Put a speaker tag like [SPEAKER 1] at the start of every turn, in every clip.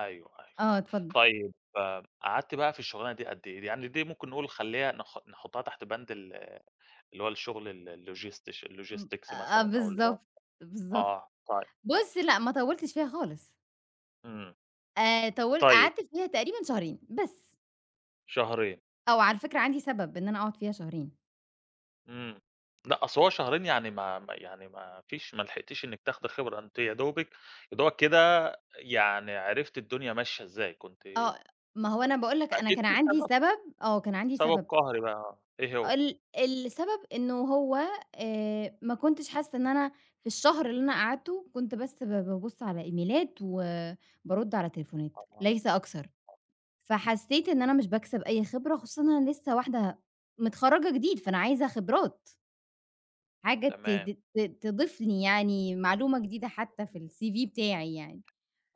[SPEAKER 1] أيوه، أيوه
[SPEAKER 2] آه، اتفض
[SPEAKER 1] طيب قعدتِ بقى في الشغلانة دي قد إيه؟ دي يعني دي ممكن نقول خليها نح نحطها تحت بند ال-اللي هو الشغل ال logistics
[SPEAKER 2] امم،
[SPEAKER 1] logistics
[SPEAKER 2] آآ،
[SPEAKER 1] مثلًا أو اللي هو،
[SPEAKER 2] بالضبط، بالضبط.
[SPEAKER 1] آه طي
[SPEAKER 2] بص، لأ، ما طولتش فيها خالص.
[SPEAKER 1] امم.
[SPEAKER 2] آآ، طول
[SPEAKER 1] طيب.
[SPEAKER 2] قعدت فيها تقريبًا شهرين، بس.
[SPEAKER 1] شهرين.
[SPEAKER 2] آه، وعلى الفكرة عندي سبب إن أنا أقعد فيها شهرين.
[SPEAKER 1] امم، لأ، أصل هو شهرين يعني ما ما يعني ما فيش ما لحقتيش إنك تاخدي خبرة أنتِ يادوبك يادوبك كده يعني عرفتِ الدنيا ماشية إزاي، كنتِ أ
[SPEAKER 2] آه، ما هو أنا باقول لك أنا
[SPEAKER 1] أكيد
[SPEAKER 2] كان
[SPEAKER 1] في
[SPEAKER 2] عندي
[SPEAKER 1] سبب
[SPEAKER 2] سبب، آه، كان عندي
[SPEAKER 1] سبب
[SPEAKER 2] سبب.
[SPEAKER 1] قهري بقى، آه، إيه هو؟
[SPEAKER 2] ال السبب إنّه هو آآ، ما كنتش حاسّة إن أنا في الشهر اللي أنا قعدته، كنت بس با بابص على إيميلات وبارد على تليفونات
[SPEAKER 1] أها،
[SPEAKER 2] ليس أكتر.
[SPEAKER 1] [unintelligible]
[SPEAKER 2] فحسيت إن أنا مش باكسب أي خبرة خصوصًا إن أنا لسّه واحدة مِتخرجة جديد،
[SPEAKER 1] امم.
[SPEAKER 2] فأنا عايزة خبرات. حاجة ت
[SPEAKER 1] تمام.
[SPEAKER 2] ت ت تضيف لي يعني معلومة جديدة حتى في
[SPEAKER 1] [unintelligible]
[SPEAKER 2] الCV بتاعي يعني.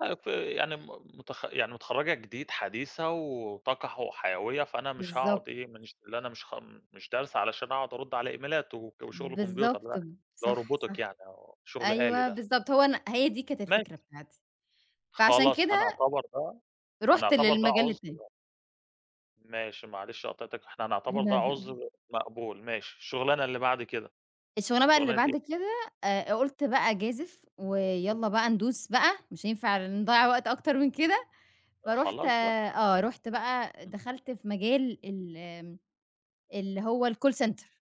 [SPEAKER 1] أ فيعني م مت يعني متخرجة جديد حديثة وطاقة ح وحيوية فأنا مش هاقعد
[SPEAKER 2] بالضبط.
[SPEAKER 1] إيه، منش اللي أنا مش خ امم دارسة علشان أقعد أرد على إيميلات وك وشغل كمبيوتر لأ،
[SPEAKER 2] بالضبط، ب
[SPEAKER 1] اللي هو
[SPEAKER 2] صح،
[SPEAKER 1] روبوتيك
[SPEAKER 2] صح
[SPEAKER 1] يعني أو شغل آلي
[SPEAKER 2] أيوه،
[SPEAKER 1] ده.
[SPEAKER 2] بالضبط. هو أنا هي دي كانت
[SPEAKER 1] ماشي.
[SPEAKER 2] الفكرة بتاعتي. فعشان
[SPEAKER 1] خلاص
[SPEAKER 2] كده
[SPEAKER 1] هنعتبر ده
[SPEAKER 2] رُحت
[SPEAKER 1] هنعتبر ده
[SPEAKER 2] للمجال
[SPEAKER 1] عُذر
[SPEAKER 2] التاني.
[SPEAKER 1] مق ماشي معلش قاطعتِك، إحنا هنعتبر ده
[SPEAKER 2] لا، لا، لا.
[SPEAKER 1] عذر مقبول، ماشي. الشغلانة اللي بعد كده،
[SPEAKER 2] الشغلانة بقى اللي
[SPEAKER 1] شغلانة
[SPEAKER 2] بعد
[SPEAKER 1] إيه؟
[SPEAKER 2] كده، آآ، ق قلت بقى أجازف ويلَّا بقى ندوس بقى، مش هينفع نضيع وقت أكتر من كده.
[SPEAKER 1] أ
[SPEAKER 2] فرُحت
[SPEAKER 1] خلاص بقى.
[SPEAKER 2] آه، رُحت بقى
[SPEAKER 1] امم.
[SPEAKER 2] دخلت في مجال ال آمم اللي هو الcall center.